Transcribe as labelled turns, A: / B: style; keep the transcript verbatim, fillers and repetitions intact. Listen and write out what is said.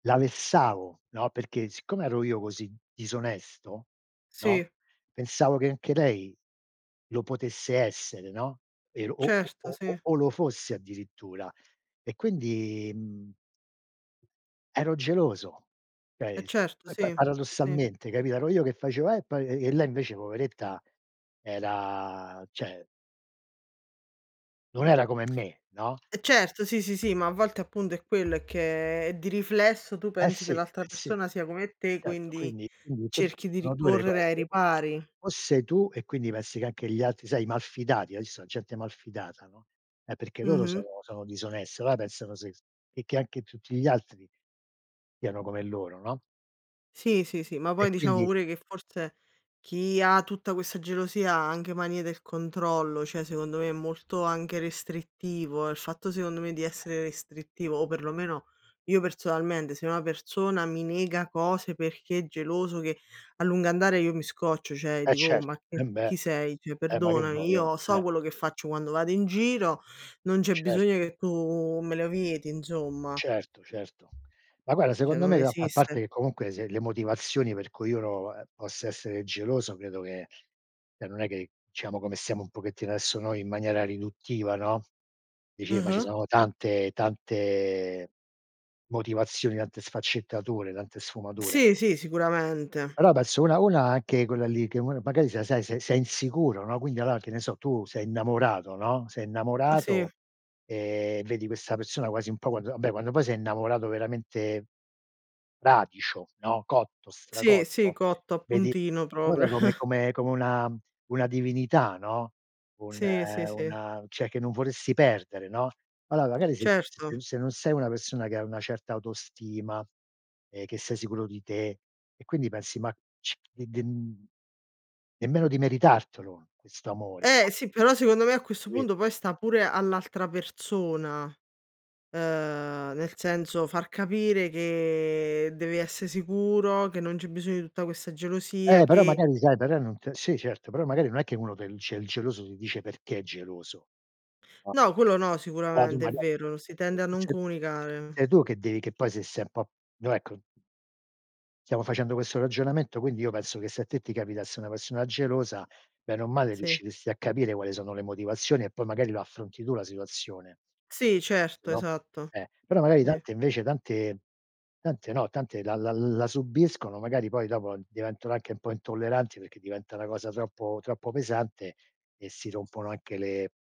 A: La vessavo, no? Perché siccome ero io così disonesto, no,
B: Sì.
A: pensavo che anche lei lo potesse essere, no? Ero o o
B: Certo,
A: o o
B: sì.
A: o lo fosse addirittura. E quindi, mhmm ero geloso.
B: Eh
A: ceh, s
B: certo
A: poi pa
B: sì, sì.
A: paradossalmente capi Ero io che facevo: "Eh, poi" e e lei invece poveretta era ceh non era come me, no?
B: Eh certo, sì, sì, sì, ma a volte appunto è quello, è che di riflesso tu
A: Eh
B: pensi
A: sì,
B: che
A: eh
B: l'altra
A: sì, eh
B: persona sia come te,
A: certo
B: quindi
A: quindi quindi in quel caso
B: cerchi di
A: sono due le
B: ricorrere
A: cose.
B: ai
A: O
B: ripari.
A: o sei tu e quindi pensi che anche gli altri sai i mal fidati, hai visto a gente malfidata, no? È perché loro
B: Mh-mh.
A: sono sono disoness, allora pensano se e che anche tutti gli altri siano come loro, no?
B: Sì, sì, sì, ma
A: E
B: poi diciamo
A: quindi
B: pure che forse chi ha tutta questa gelosia ha anche manie del controllo, cioè secondo me è molto anche restrittivo, il fatto secondo me di essere restrittivo o perlomeno io personalmente se una persona mi nega cose perché è geloso che a lungo andare io mi scoccio, cioè
A: Eh
B: dico: "Oh ma
A: certo,
B: c
A: embè!
B: chi sei? Cioè
A: Eh ma che
B: perdonami,
A: voi ao?
B: io so
A: Cioè.
B: quello che faccio quando vado in giro, non
A: Eh
B: c'è bisogno
A: certo.
B: che tu me lo vieti insomma".
A: Certo, certo. Ma guarda
B: Cioè
A: secondo me
B: non
A: ga a parte
B: esiste.
A: che comunque se le motivazioni per cui uno, ehm, possa essere geloso credo che ceh non è che ciamo come stiamo un pochettino adesso noi in maniera riduttiva, no? Dici ma ci
B: Mh-mh.
A: sono tante tante motivazioni, tante sfaccettature, tante sfumature.
B: Sì, sì, sicuramente.
A: Però pesso una una anche quella lì che m magari sei sei sei sei insicuro, no? Quindi allora che ne so tu sei innamorato, no? Sei
B: Eh
A: innamorato,
B: sì.
A: ehm, vedi questa persona quasi un po' quand vabbè quando poi sei innamorato veramente fradicio, no? Cotto,
B: Sì, sì,
A: stracotto,
B: cotto a
A: vedi
B: puntino
A: la cosa
B: proprio.
A: come come come una una divinità, no? Un,
B: Sì, sì, sì.
A: una ceh, che non vorresti perdere, no? alloa magari se
B: Certo.
A: se se non sei una persona che ha una certa autostima e che sei sicuro di te e quindi pensi, ma ci e den nemmeno di meritartelo questo amore, no?
B: Eh sì, però secondo me a questo
A: Capito?
B: punto poi sta pure all'altra persona, ehm, nel senso far capire che devi esse sicuro, che non c'è bisogno di tutta questa gelosia,
A: Eh però
B: che
A: magari sai però non t sì certo, però magari non è che uno tel ceh il geloso ti dice perché è geloso.
B: No, quello no,
A: aa tu
B: sicuramente è
A: maga
B: vero, si tende a non comunicare.
A: sei tu che devi che poi se sei n po' no ecco stiamo facendo questo ragionamento quindi io penso che se a te ti capitasse una persona gelosa bene o male
B: Sì.
A: riusciresti a capire quali sono le motivazioni e poi magari lo affronti tu la situazione,
B: Sì,
A: penso
B: certo,
A: no?
B: esatto.
A: Eh, però magari
B: Sì.
A: tante invece tante tante no, tante la la la subiscono magari poi dopo diventano anche un po' intolleranti, perché diventa una cosa troppo troppo pesante e si rompono anche le